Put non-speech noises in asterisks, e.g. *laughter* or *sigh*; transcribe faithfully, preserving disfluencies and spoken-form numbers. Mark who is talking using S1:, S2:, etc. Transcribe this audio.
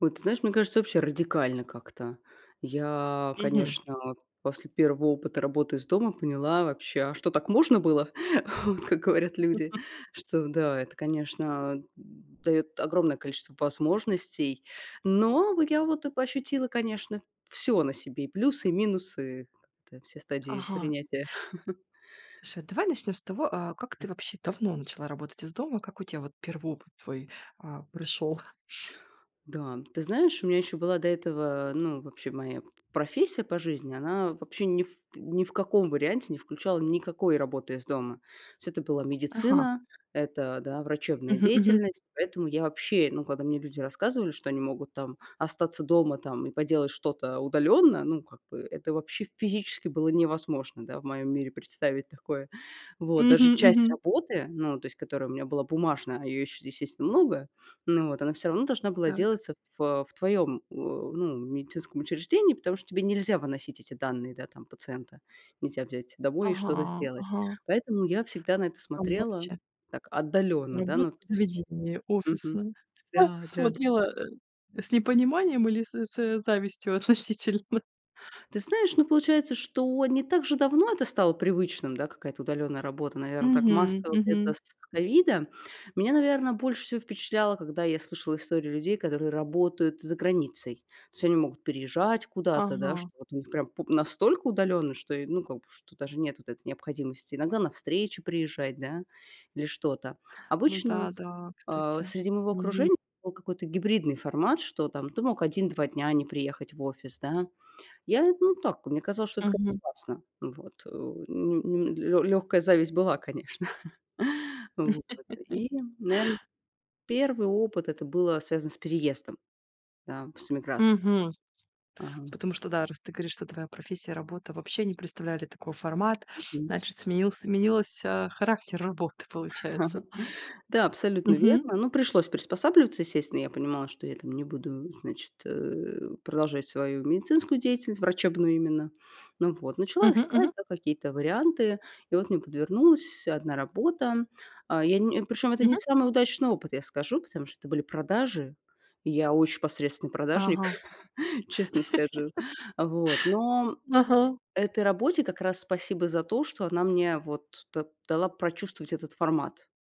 S1: Вот ты знаешь, мне кажется, вообще радикально как-то. Я,
S2: Мгм.
S1: конечно, после первого опыта работы из дома поняла вообще: а что, так можно было? *chuckles* Вот, как говорят люди,
S2: *laughs*
S1: что да, это, конечно, д даёт огромное количество возможностей. Но в я вот и п ощутила, конечно, всё на себе: и плюсы, и минусы, как-то все стадии
S2: Ага.
S1: принятия. *chuckles*
S2: Слушай, давай начнём с того, а, как ты вообще давно начала работать из дома? Как у тебя вот первый опыт твой, а, пришёл? *sniffs*
S1: Да, ты знаешь, у меня ещё была до этого, ну, вообще моя п профессия по жизни, она вообще ни в ни в каком варианте не включала никакой работы из дома. То есть это была
S2: Ага.
S1: медицина, это, да, врачебная
S2: Мгм, мгм.
S1: деятельность. Поэтому я вообще, ну, когда мне люди рассказывали, что они могут там остаться дома, там, и поделать что-то удалённо, ну, как бы, это вообще физически было невозможно, да, в моём мире представить такое. Вот. Даже
S2: Мгм,
S1: часть
S2: мгм.
S1: работы, ну, то есть которая у меня была бумажная, а её ещё, естественно, много, ну вот, она всё равно должна была
S2: Так.
S1: делаться в, э, в твоём, а, ну, медицинском учреждении, потому что тебе нельзя выносить эти данные, да, там пациента, нельзя взять домой и что-то
S2: Ага,
S1: сделать.
S2: ага.
S1: Поэтому я всегда на это
S2: Прям
S1: смотрела
S2: вообще.
S1: так отдалённо, да,
S2: Работа
S1: ну, то
S2: в
S1: есть
S2: заведении
S1: Мгм.
S2: офисном. А
S1: Да-да.
S2: смотрела, э, с непониманием или с с завистью относительно?
S1: Ты знаешь, ну, получается, что не так же давно это стало привычным, да, какая-то удалённая работа, наверно, так
S2: Мгм,
S1: массово где-то
S2: мгм.
S1: с с ковида. Меня, наверно, больше всего впечатляло, когда я слышала истории людей, которые работают за границей. То есть они могут переезжать куда-то, да,
S2: Ага.
S1: что вот у них прям пу настолько удалённо, что и, ну, как бы, что даже нет вот этой необходимости иногда на встречи приезжать, да, или что-то.
S2: Ну да,
S1: Обычно,
S2: да,
S1: а,
S2: кстати.
S1: среди моего
S2: Мгм.
S1: окружения был какой-то гибридный формат, что там ты мог один два дня не приехать в офис, да. Я, ну, так, мне казалось, что это
S2: Мгм.
S1: классно, вот. Ну ну лё лёгкая зависть была, конечно. *chuckles* Вот. И, наверно,
S2: *laughs*
S1: первый опыт- это было связано с переездом, да, с эмиграц
S2: Мгм.
S1: Ага.
S2: Потому что да, раз ты говоришь, что твоя профессия, работа вообще не представляли такой формат,
S1: Мгм.
S2: значит, сменился сменилось, а, характер работы, получается.
S1: *chuckles* Да, абсолютно
S2: Мгм.
S1: верно. Ну, пришлось приспосабливаться, естественно. Я понимала, что я там не буду, значит, э, продолжать свою медицинскую деятельность, врачебную именно. Ну вот. Начала
S2: Мгм,
S1: искать,
S2: мгм.
S1: да, какие-то варианты. И вот мне подвернулась одна работа. А я не причём это не
S2: Мгм.
S1: самый удачный опыт, я скажу, потому что это были продажи. И я очень посредственный продажник,
S2: Ага.
S1: *chuckles* честно скажу.
S2: *laughs*
S1: Вот, но
S2: Ага.
S1: этой работе как раз спасибо за то, что она мне вот да дала прочувствовать этот формат.